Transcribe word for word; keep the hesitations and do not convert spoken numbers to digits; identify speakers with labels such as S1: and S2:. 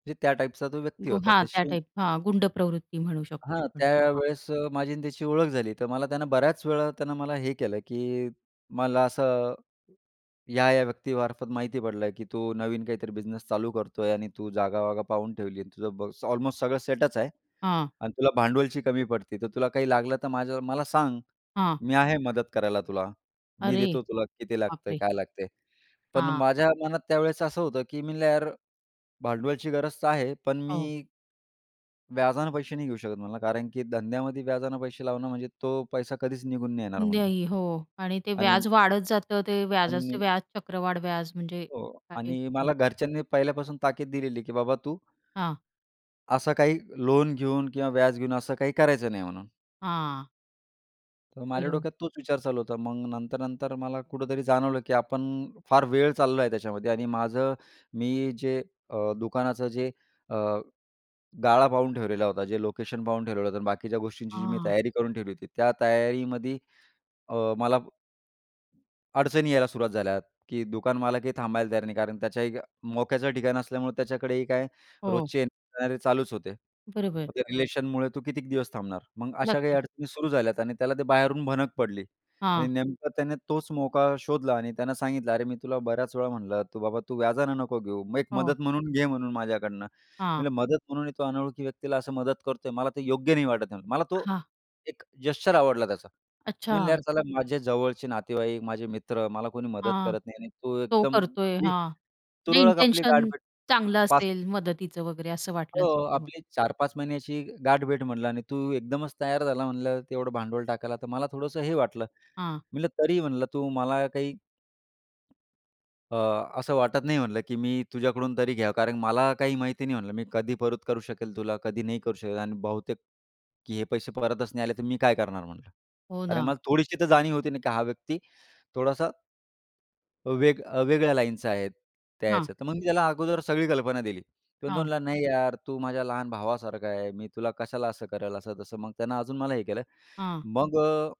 S1: म्हणजे त्या टाइपचा तो व्यक्ती
S2: ग
S1: होता.
S2: हां. त्या
S1: तशी
S2: टाइप. हां, गुंड प्रवृत्ती म्हणू शकतो
S1: हां.
S2: आपण हां.
S1: त्यावेळेस अ, माझी आणि त्याची ओळख झाली, तर मला त्यानं बऱ्याचवेळा त्यानं मला हे केलं, की मला असं या-या व्यक्तीमार्फत माहिती पडलं, की "तू नवीन काहीतरी बिझनेस चालू करतोय आणि तू जागावागा पाहून ठेवली. आणि तुझं ब ऑलमोस्ट सगळं सेटच आहे
S2: हां.
S1: आणि तुला भांडवलची कमी पडते, तर तुला काही लागलं तर माझ्या मला सांग.
S2: हां.
S1: मी आहे मदत करायला तुला, मी
S2: अरे,
S1: देतो तुला किती लागतंय,
S2: बापरे!
S1: काय लागतंय." पण
S2: हां.
S1: माझ्या मनात त्यावेळेस असं होतं, की मी म्हणलं, यार भांडवलची गरज तर आहे. पण
S2: हो.
S1: मी व्याजाने पैसे नाही घेऊ शकत." म्हणला, "कारण की धंद्यामध्ये व्याजाने पैसे लावणं म्हणजे तो पैसा कधीच निघून नाही येणार" म्हणल.
S2: नाही. हो. आणि ते
S1: आणि
S2: व्याज वाढत जातं ते. व्याजाचे
S1: आणि
S2: व्याज चक्रवाढ व्याज म्हणजे
S1: हो.
S2: काय आहे
S1: आणि
S2: हं.
S1: मला घरच्यांनी पहिल्यापासून ताकीद दिलेली, की "बाबा तू"
S2: हां.
S1: "असं काही लोन घेऊन किंवा व्याज घेऊन असं काही करायचं नाही" म्हणून.
S2: हां.
S1: तर माझ्या
S2: बरोबर.
S1: डोक्यात तोच विचार चालू होता. मग नंतर-नंतर मला कुठेतरी जाणवलं, की आपण फार वेळ चाललो आहे त्याच्यामध्ये आणि माझं मी जे अ, दुकानाचं जे अ, गाळा पाहून ठेवलेला होता, जे लोकेशन पाहून ठेवलेलं होतं आणि बाकीच्या गोष्टींची जी मी
S2: हां.
S1: तयारी करून ठेवली होती. त्या तयारीमध्ये अ, मला अडचणी यायला सुरुवात झाल्या, की दुकानमालाकही थांबायला तयार नाही. कारण त्याच्याही मोक्याचं ठिकाण असल्यामुळे त्याच्याकडेही काय
S2: हो.
S1: रोजचे येणारे चालूच होते.
S2: बरोबर.
S1: मग त्या रिलेशनमुळे तू कितीक दिवस थांबणार. मग अशा काही
S2: नक्कीच.
S1: अडचणी सुरू झाल्या. आणि त्याला ते बाहेरून भनक पडली आणि
S2: हां.
S1: नेमकं त्याने तोच मोका शोधला आणि त्यानं सांगितलं, "अरे, मी तुला बऱ्याच वेळा म्हणलं तू बाबा तू व्याजानं नको घेऊ, मग एक
S2: हो.
S1: मदत म्हणून घे म्हणून माझ्याकडनं." मी
S2: हां.
S1: म्हणलं, "मदत म्हणूनही तो अनोळखी व्यक्तीला असं मदत करतोय मला ते योग्य नाही वाटत आहे." मला तो
S2: हां.
S1: एक जेस्चर आवडला त्याचा. मी म्हणले,
S2: अच्छा.
S1: "यार साला माझे जवळचे नातेवाईक, माझे मित्र मला कोणी मदत
S2: हां
S1: करत नाही आणि तू
S2: तो
S1: एकदम
S2: करतोय
S1: आपली
S2: हां, म्हणजे
S1: तुरळक, आपली गाठ
S2: इंटेन्शन
S1: भेट हां.
S2: चांगलं
S1: पाच
S2: असेल मदतीचं वगैरे असं वाटलं
S1: "हो,
S2: असेल तुम्हा
S1: आपली चार पाच महिन्याची गाठभेट" म्हणलं "आणि तू एकदमच तयार झाला म्हणलं तेवढं भांडवल टाकायला, तर मला थोडंसं हे वाटलं"
S2: हां.
S1: म्हटलं. तरी म्हणलं, "तू मला काही अ, असं वाटत नाही" म्हटलं, की "मी तुझ्याकडून तरी घ्यावं कारण मला काही माहिती नाही" म्हटलं, "मी कधी परत करू शकेल तुला कधी नाही करू शकत आणि बहुतेक हे पैसे परतच नाही आले, तर मी काय करणार?" म्हटलं
S2: हो
S1: कारण
S2: ना.
S1: मला थोडीशी तर जाणीव होती ना, की हा व्यक्ती थोडासा वेग अ, वेगळ्या लाईनचं आहेत त्या
S2: हां.
S1: ह्याचं. तर मग मी त्याला अगोदर सगळी कल्पना दिली. तर तो
S2: हां.
S1: म्हणला, "नाही यार, तू माझ्या लहान भावासारखा आहे. मी तुला कशाला असं करेल असं तसं. मग त्यानं अजून मला हे केलं,"
S2: हां.
S1: मग अ